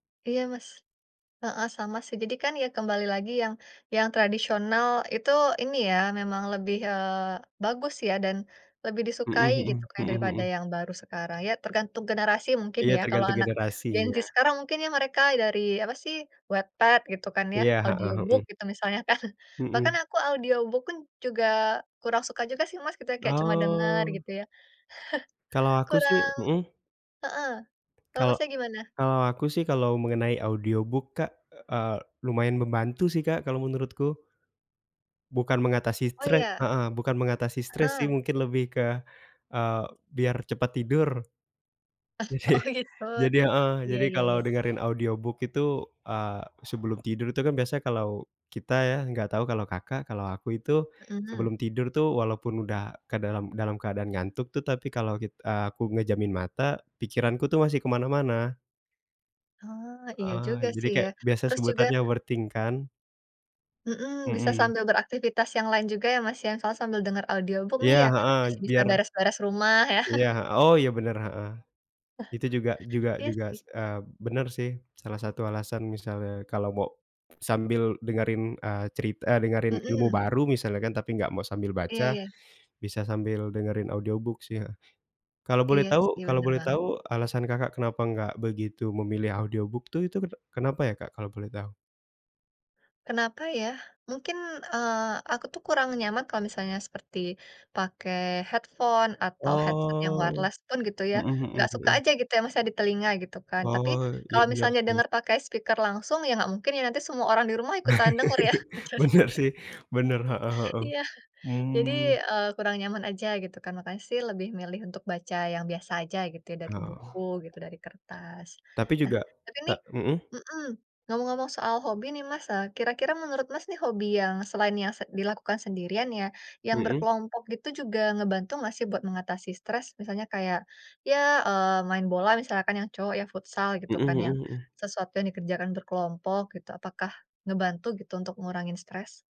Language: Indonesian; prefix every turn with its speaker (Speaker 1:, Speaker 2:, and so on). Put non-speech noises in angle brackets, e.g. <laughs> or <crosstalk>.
Speaker 1: Iya, Mas heeh, sama sih. Jadi kan, ya kembali lagi yang yang tradisional itu ini ya, memang lebih, eee, bagus ya dan lebih
Speaker 2: Mhm
Speaker 1: disukai gitu,
Speaker 2: mhm
Speaker 1: Kak,
Speaker 2: mhm
Speaker 1: daripada
Speaker 2: mhm.
Speaker 1: yang baru sekarang. Ya tergantung generasi mungkin
Speaker 2: Iya,
Speaker 1: ya, kalau
Speaker 2: tergantung
Speaker 1: anak Gen
Speaker 2: generasi
Speaker 1: Z
Speaker 2: ya.
Speaker 1: sekarang, mungkin ya mereka dari apa sih, Wattpad gitu kan ya,
Speaker 2: Iya, heeh,
Speaker 1: audiobook
Speaker 2: mhm.
Speaker 1: gitu misalnya kan. Bahkan
Speaker 2: Mhm.
Speaker 1: aku audiobook pun, juga kurang suka juga sih, Mas, gitu ya, kayak cuma dengar
Speaker 2: Oh.
Speaker 1: gitu ya.
Speaker 2: Kalau
Speaker 1: <chuckles>
Speaker 2: aku sih
Speaker 1: Kurang
Speaker 2: mhm.
Speaker 1: heeh. Kalau,
Speaker 2: Kalau
Speaker 1: Masnya, gimana?
Speaker 2: kalau aku sih, kalau mengenai audiobook Kak, eee, lumayan membantu sih, Kak, kalau menurutku. Bukan mengatasi
Speaker 1: Oh,
Speaker 2: cre
Speaker 1: iya,
Speaker 2: heeh, bukan mengatasi stres sih,
Speaker 1: heeh.
Speaker 2: mungkin lebih ke, eee, biar cepat tidur.
Speaker 1: <chuckles>
Speaker 2: Jadi
Speaker 1: oh gitu.
Speaker 2: jadi heeh,
Speaker 1: Iya
Speaker 2: jadi
Speaker 1: iya
Speaker 2: kalau
Speaker 1: iya.
Speaker 2: dengerin audiobook itu, eee, sebelum tidur itu kan biasa kalau kita ya, nggak tahu kalau, Kakak. Kalau aku itu
Speaker 1: Mhm.
Speaker 2: sebelum tidur tuh walaupun udah ke dalam dalam keadaan ngantuk tuh, tapi kalau kit eee, aku ngejamin mata, pikiranku tuh masih ke mana-mana.
Speaker 1: Oh, iya
Speaker 2: Heeh,
Speaker 1: juga
Speaker 2: jadi
Speaker 1: sih ya,
Speaker 2: kayak biasa
Speaker 1: terus juga
Speaker 2: sebutannya overthink kan.
Speaker 1: Mhm, bisa
Speaker 2: Mhm.
Speaker 1: sambil beraktivitas yang lain juga ya, Mas, ya. Misalnya sambil dengar audiobook nih
Speaker 2: Iya,
Speaker 1: ya,
Speaker 2: heeh,
Speaker 1: masih bisa
Speaker 2: biar
Speaker 1: beres-beres rumah ya.
Speaker 2: Iya,
Speaker 1: <laughs>
Speaker 2: he oh, iya, bener, heeh. Itu juga
Speaker 1: <chuckles>
Speaker 2: juga
Speaker 1: Iya
Speaker 2: juga,
Speaker 1: sih.
Speaker 2: s eee, bener sih, salah satu alasan misalnya kalau mau sambil dengerin, eee, cerit eee, dengerin ilmu
Speaker 1: Mhm.
Speaker 2: baru misalnya kan, tapi enggak mau sambil
Speaker 1: Iya
Speaker 2: baca,
Speaker 1: iya.
Speaker 2: bisa sambil dengerin audiobook sih ya. Kalau boleh
Speaker 1: Iya
Speaker 2: tahu
Speaker 1: sih,
Speaker 2: kalau
Speaker 1: bener
Speaker 2: boleh
Speaker 1: banget.
Speaker 2: tahu alasan, Kakak, kenapa nggak begitu memilih audiobook tuh, itu kene kenapa ya, Kak, kalau boleh tahu?
Speaker 1: Kenapa ya? Mungkin, eee, aku tuh kurang nyaman kalau misalnya seperti pakai headphone, atau headset yang
Speaker 2: Oh,
Speaker 1: wireless pun gitu ya.
Speaker 2: mhm mhm
Speaker 1: Nggak suka
Speaker 2: mhm.
Speaker 1: aja gitu ya, Mas, ya, di telinga gitu kan. Tapi,
Speaker 2: Oh, iya,
Speaker 1: kalau
Speaker 2: bener
Speaker 1: misalnya
Speaker 2: sih.
Speaker 1: dengar pakai speaker langsung, ya nggak mungkin ya, nanti semua orang di rumah ikutan dengar ya.
Speaker 2: <laughs> Bener
Speaker 1: <laughs>
Speaker 2: sih, bener, heeh heeh,
Speaker 1: Iya, jadi,
Speaker 2: mmm.
Speaker 1: eee, kurang nyaman aja gitu kan. Makanya sih, lebih milih untuk baca yang biasa aja gitu ya, dari buku
Speaker 2: Heeh.
Speaker 1: gitu, dari kertas.
Speaker 2: Tapi
Speaker 1: Nah,
Speaker 2: juga,
Speaker 1: tapi
Speaker 2: te
Speaker 1: nih
Speaker 2: mhm.
Speaker 1: mhm, ngomong-ngomong soal hobi nih, Mas, eee, kira-kira menurut, Mas, nih, hobi yang selain yang se dilakukan sendirian ya, yang
Speaker 2: Mhm.
Speaker 1: berkelompok gitu juga ngebantu nggak sih buat mengatasi stres? Misalnya kayak, ya, eee, main bola misalkan yang cowok ya, futsal gitu
Speaker 2: Mhm
Speaker 1: kan yang
Speaker 2: mhm mhm.
Speaker 1: sesuatu yang dikerjakan berkelompok gitu. Apakah ngebantu gitu untuk ngurangin stres?